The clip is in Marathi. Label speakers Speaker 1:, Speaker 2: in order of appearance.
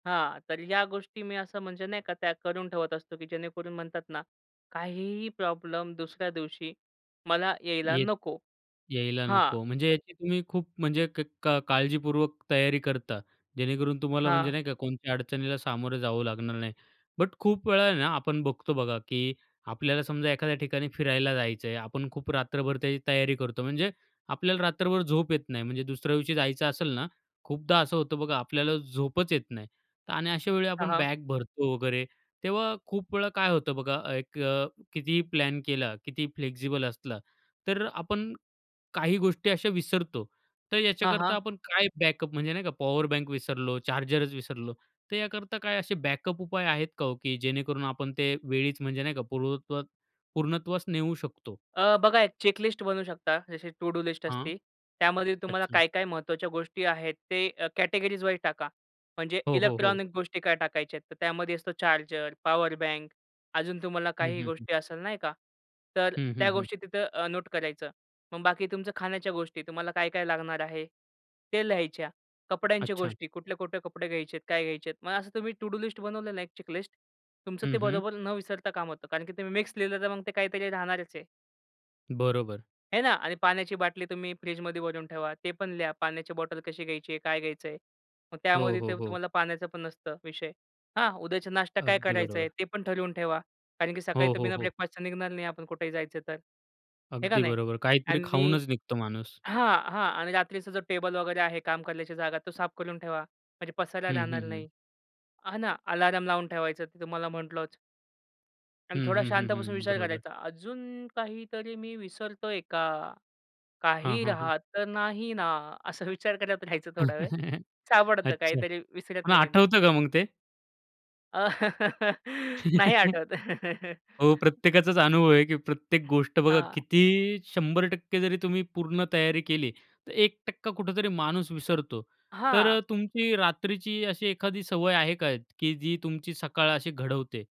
Speaker 1: हां. तर ह्या गोष्टी मी असं म्हणजे नाही का त्या करून ठेवत असतो, की जेणेकरून म्हणतात ना काहीही प्रॉब्लेम दुसऱ्या दिवशी मला यायला
Speaker 2: येत
Speaker 1: नको.
Speaker 2: यायला
Speaker 1: हां.
Speaker 2: नको. म्हणजे याची तुम्ही खूप म्हणजे क का काळजीपूर्वक तयारी करता, जेणेकरून तुम्हाला म्हणजे
Speaker 1: हां.
Speaker 2: नाही का कोणत्या अडचणीला सामोरं जावं लागणार नाही. बट खूप वेळा ना आपण बघतो बघा, की आपल्याला समजा एखाद्या ठिकाणी फिरायला जायचं आहे. आपण खूप रात्रभर त्याची तयारी करतो. म्हणजे आपल्याला रात्रभर झोप येत नाही. म्हणजे दुसऱ्या दिवशी जायचं असेल ना, खूपदा असं होतं बघा आपल्याला झोपच येत नाही आणि अशा वेळी
Speaker 1: हां,
Speaker 2: आपण
Speaker 1: हां.
Speaker 2: बॅग भरतो वगैरे. तेव्हा खूप वेळा काय होतं बघा एक अ, कितीही प्लॅन केला, किती फ्लेक्सिबल असला तर आपण काही गोष्टी अशा विसरतो तर
Speaker 1: हां,
Speaker 2: ह्याच्याकरता
Speaker 1: हां.
Speaker 2: आपण काय बॅकअप म्हणजे नाही का पॉवर बँक विसरलो, चार्जरच विसरलो, तर याकरता काय असे बॅकअप उपाय आहेत का ओ की जेणेकरून आपण ते वेळीच म्हणजे नाही का पूर्वत्वास पूर्णत्वास नेऊ शकतो?
Speaker 1: अ, बघा एक चेकलिस्ट बनू शकता. जशी टु डू लिस्ट
Speaker 2: हां.
Speaker 1: असते. त्यामध्ये तुम्हाला
Speaker 2: अच्छा.
Speaker 1: काय, काय महत्वाच्या गोष्टी आहेत? ते अ, कॅटेगरीजवाईज टाका. म्हणजे
Speaker 2: हो, हो, हो.
Speaker 1: इलेक्ट्रॉनिक गोष्टी काय टाकायच्या आहेत? तर त्यामध्ये असतो चार्जर, पॉवर बँक अजून तुम्हाला
Speaker 2: हं,
Speaker 1: काही
Speaker 2: हं, हं.
Speaker 1: गोष्टी असेल नाही का? तर
Speaker 2: हं, हं,
Speaker 1: त्या
Speaker 2: हं.
Speaker 1: गोष्टी तिथं अ, नोट करायचं. मग बाकी तुमच्या खाण्याच्या गोष्टी तुम्हाला काय, काय लागणार आहे? ते लिहायच्या. कपड्यांच्या
Speaker 2: अच्छा.
Speaker 1: गोष्टी कुठले-कुठले कपडे घ्यायचे आहेत? काय घ्यायचे आहेत? मग असं तुम्ही टु डू लिस्ट बनवलेलं आहे एक चेकलिस्ट तुमचं
Speaker 2: हं,
Speaker 1: ते
Speaker 2: हं.
Speaker 1: बरोबर न विसरता काम होतं. कारण, की तुम्ही मिक्स लिहिलं तर मग ते काहीतरी राहणारच आहे.
Speaker 2: बरोबर.
Speaker 1: हे ना. आणि पाण्याची बाटली तुम्ही फ्रिजमध्ये भरून ठेवा. ते पण लिहा पाण्याची बॉटल कशी घ्यायची आहे? काय घ्यायचंय? मग
Speaker 2: हो,
Speaker 1: त्यामध्ये ते
Speaker 2: हो, हो.
Speaker 1: तुम्हाला पाण्याचा पण नसतं विषय. हा उद्याचा नाष्टा काय
Speaker 2: अगदी
Speaker 1: करायचंय?
Speaker 2: बरोबर.
Speaker 1: ते पण ठरवून ठेवा. कारण की सकाळी
Speaker 2: हो,
Speaker 1: तर
Speaker 2: हो,
Speaker 1: बिना
Speaker 2: हो.
Speaker 1: ब्रेकफास्टचं निघणार नाही आपण कुठेही जायचं तर, हे का
Speaker 2: अगदी
Speaker 1: नाही?
Speaker 2: बरोबर. काहीतरी
Speaker 1: आणि
Speaker 2: खाऊनच निघतो माणूस.
Speaker 1: हां, हां. आणि रात्रीचा जो टेबल वगैरे आहे काम करण्याची जागा तो साफ करून ठेवा. म्हणजे पसरायला
Speaker 2: हं,
Speaker 1: जाणार
Speaker 2: हं, हं.
Speaker 1: नाही. हां ना. अलार्म लावून ठेवायचं ते तुम्हाला म्हंटलच. आणि
Speaker 2: हं,
Speaker 1: थोडा
Speaker 2: हं, हं,
Speaker 1: शांत बसून
Speaker 2: हं.
Speaker 1: विचार
Speaker 2: बरोबर.
Speaker 1: करायचा. अजून काहीतरी मी विसरतोय का?
Speaker 2: हां,
Speaker 1: काही
Speaker 2: हां, हां.
Speaker 1: राहत तर नाही ना? असं विचार करत राहायचं थोडा वेळ. सापडतं
Speaker 2: अच्छा.
Speaker 1: काहीतरी विसरत
Speaker 2: हां
Speaker 1: नाही आहे ना.
Speaker 2: आठवतं का मग ते?
Speaker 1: नाही आठवत.
Speaker 2: हो. प्रत्येकाचाच अनुभव आहे, की प्रत्येक गोष्ट बघा
Speaker 1: हां.
Speaker 2: किती 100% जरी तुम्ही पूर्ण तयारी केली तर 1% कुठेतरी माणूस विसरतो.
Speaker 1: हां.
Speaker 2: तर तुमची रात्रीची अशी एखादी सवय आहे का की जी तुमची सकाळ अशी घडवते?